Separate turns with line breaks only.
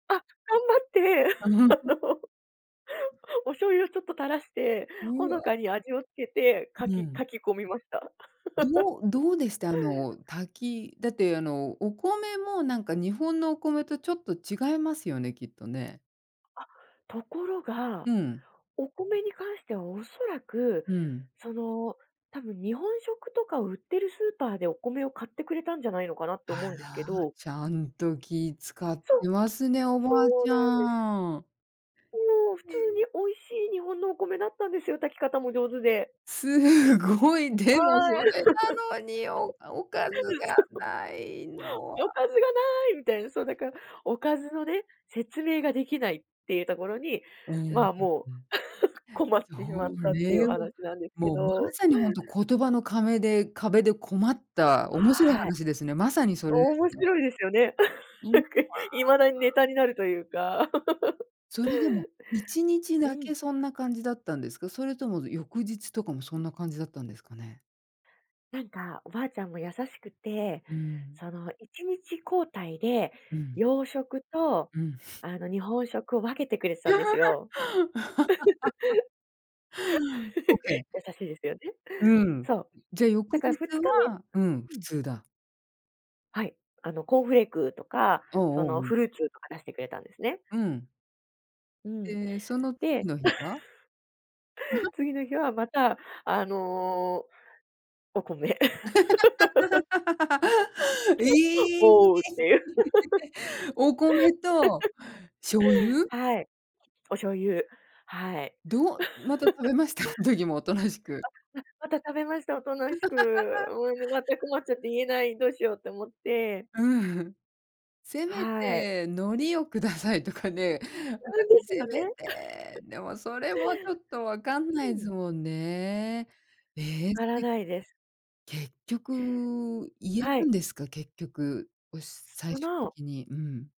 あ、頑張って、
あ、うん。
お醤油をちょっと垂らして、
う
ほの
わ。
かに味をつけて、か
う
き
ん。
かき込みました。
どうどうでした？あの、たきだってあの、お米もなんか日本のお米とちょっと違いますよね、きっとね。
あ、ところが、
うん。
お米に関してはおそらく、
うん。
その、多分日本食とか売ってるスーパーでお米を買ってくれたんじゃないのかなって
あ
思うんです
ら、
けど。
ちゃんと気使っ
そ、
てますね、お
そ
ばあ
う
ち
なんです。
ゃん。
もう普
へ
通
え。
に美味しい日本のお米だったんですよ、炊き方も上手で。
すごい、
あ
でも
あ、え。
それなのに、おかおか ず
うん、
が
そう。
ないのは
「おかずが無い」みたいな。そうだから、おかずのね、説明ができないっていうところに、
うん、う
ま
ん
あ、もう
うん。
困っ
そ
てしまっ
う
たっていうお
ね、
話なんですけ
もう、もうま
ど。
さにほんと言葉の壁で、壁で困った面白い
はい。
話ですね、まさにそれです
面
ね。
白いですよね。
うん。
な
う
んか、いまだに
わ、
ネ
あ。
タになるというか。
それでも、1日
う
だ
ん。
けそんな感じだったんですか？それとも翌日とかもそんな感じだったんですかね？
なんか、おばあちゃんも優しくて、
うん。
その1日交代で、
うん。
洋食と
うん。
あの日本食を分けてくれてたんですよ。
オッケー。
優しいですよね、
うん。
そう。
じゃ、翌
だから
日
ふつか
は、うん、
め、
普
うん。
通だ。
はい。あのコーンフレークとか、
おお
そ
おお、う
の
ん。
フルーツとか出してくれたんですね。
うん。
うん。
で、その次
で。
の日は？
次の日はまたあの。お米。
いい。
おうっていう。
お米と、醤 油？
はい。お醤油、はい。
どう、また 食べました？そん時も大人しく。
あ、な、また食べました、大人しく。もうね全く困っちゃって言えない、どうしようって思って。
うん。せめ
はい。
て海苔を下さいとかね。なん
[unintelligible]
か
です
せ
よ
め
ね。
て、でもそれもちょっと分かん
う
ないです
ん。
もんね。ええ、
わか
す
ら
い
ないです。
結局、言え
は
た
い。
んですか？結局。おし最
そ
終
の
的に。うん。